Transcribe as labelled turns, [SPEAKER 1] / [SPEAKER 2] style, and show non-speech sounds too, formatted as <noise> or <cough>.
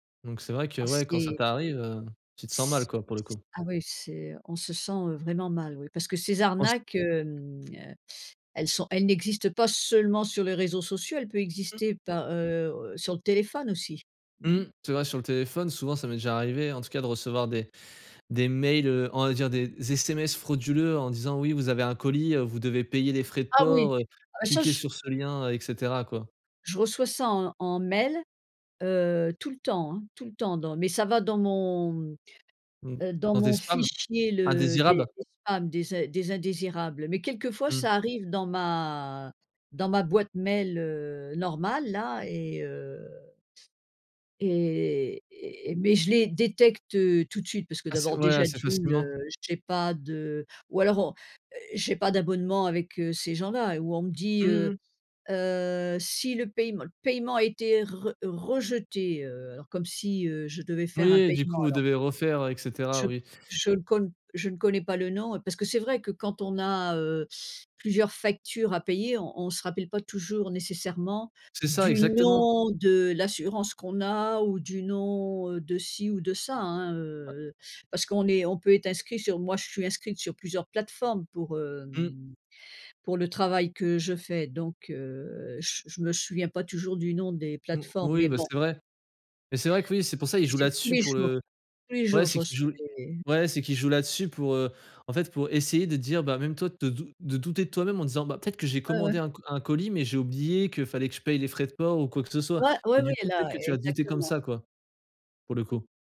[SPEAKER 1] Donc, c'est vrai que,
[SPEAKER 2] Ah
[SPEAKER 1] ouais, quand ça
[SPEAKER 2] c'est
[SPEAKER 1] t'arrive, heu, tu te sens mal,
[SPEAKER 2] s s
[SPEAKER 1] quoi, pour le coup.
[SPEAKER 2] ah oui, c'est on se sent, heu, vraiment mal. Oui, parce que ces
[SPEAKER 1] En s
[SPEAKER 2] arnaques, hem, heu, elles sont elles n'existent pas seulement sur les réseaux sociaux. Elle peut exister
[SPEAKER 1] <unintelligible>
[SPEAKER 2] par, heu heu, sur le téléphone aussi. Mmh.
[SPEAKER 1] Mmh. C'est vrai, sur le téléphone, souvent, ça m'est déjà arrivé, en tout cas, de recevoir des des mails, heu. On va dire, des sms frauduleux, en disant: «Oui, vous avez un colis, heu, vous devez payer les frais de
[SPEAKER 2] Ah oui,
[SPEAKER 1] port, heu.
[SPEAKER 2] ah ça,
[SPEAKER 1] Cliquez
[SPEAKER 2] je
[SPEAKER 1] sur ce lien et cetera quoi».
[SPEAKER 2] je reçois ça en en mail, heu, tout le temps, hein. Tout le temps dans mais ça va dans mon
[SPEAKER 1] Mmh,
[SPEAKER 2] heu, dans
[SPEAKER 1] dans tes
[SPEAKER 2] mon
[SPEAKER 1] spams?
[SPEAKER 2] fichier, le des
[SPEAKER 1] Indésirables?
[SPEAKER 2] spams, des in des indésirables. Mais quelquefois
[SPEAKER 1] Mmh.
[SPEAKER 2] ça arrive dans ma dans ma boîte mail, heu, normale là et heu et et et mais je les détecte, heu, tout de suite, parce que,
[SPEAKER 1] Assez,
[SPEAKER 2] d'abord
[SPEAKER 1] ouais,
[SPEAKER 2] déjà
[SPEAKER 1] assez
[SPEAKER 2] d'une, heu,
[SPEAKER 1] facilement?
[SPEAKER 2] j'ai pas de ou alors, on heu, j'ai pas d'abonnement avec, heu, ces gens-là et où on me dit:
[SPEAKER 1] Mmh
[SPEAKER 2] «Heu
[SPEAKER 1] mh.
[SPEAKER 2] heu, si le paiem paiement a été re rejeté, heu». Alors, comme si, heu, je devais faire un
[SPEAKER 1] Oui, du
[SPEAKER 2] paiement,
[SPEAKER 1] coup, vous
[SPEAKER 2] alors
[SPEAKER 1] devez refaire, heu et cetera.
[SPEAKER 2] je
[SPEAKER 1] Oui.
[SPEAKER 2] je ne con je ne connais pas le nom, heu, parce que, c'est vrai que, quand on a, heu, plusieurs factures à payer, on on se rappelle pas toujours nécessairement
[SPEAKER 1] C'est ça,
[SPEAKER 2] du
[SPEAKER 1] exactement!
[SPEAKER 2] nom de l'assurance qu'on a ou du nom, heu, de ci ou de ça, hein,
[SPEAKER 1] Ouais.
[SPEAKER 2] heu heu, parce qu'on est on peut être inscrit sur moi, je suis inscrite sur plusieurs plateformes pour,
[SPEAKER 1] Mmh.
[SPEAKER 2] hem, pour le travail que je fais, donc, heu, je je me souviens pas toujours du nom des
[SPEAKER 1] Mmh,
[SPEAKER 2] plateformes,
[SPEAKER 1] oui,
[SPEAKER 2] mais
[SPEAKER 1] bah,
[SPEAKER 2] bon.
[SPEAKER 1] c'est vrai. Mais, c'est vrai que, oui, c'est pour ça, ils jouent
[SPEAKER 2] C'est tous
[SPEAKER 1] là-dessus
[SPEAKER 2] les
[SPEAKER 1] pour
[SPEAKER 2] jours.
[SPEAKER 1] le
[SPEAKER 2] Tous les
[SPEAKER 1] ouais,
[SPEAKER 2] jours, je
[SPEAKER 1] c'est qu'ils
[SPEAKER 2] reçois
[SPEAKER 1] jouent l
[SPEAKER 2] des
[SPEAKER 1] ouais, c'est qu'ils jouent là-dessus, pour, heu, en fait, pour essayer de dire bah, même toi de dou de douter de toi-même en disant: «Bah, peut-être que j'ai
[SPEAKER 2] Ouais, ouais.
[SPEAKER 1] commandé un co un colis? Mais, j'ai oublié qu'il fallait que je paye les frais de port ou quoi que ce soit»
[SPEAKER 2] Ouais,
[SPEAKER 1] et
[SPEAKER 2] oui,
[SPEAKER 1] du coup, peut-être
[SPEAKER 2] là,
[SPEAKER 1] que tu va douter comme
[SPEAKER 2] exactement.
[SPEAKER 1] ça, quoi, pour le coup.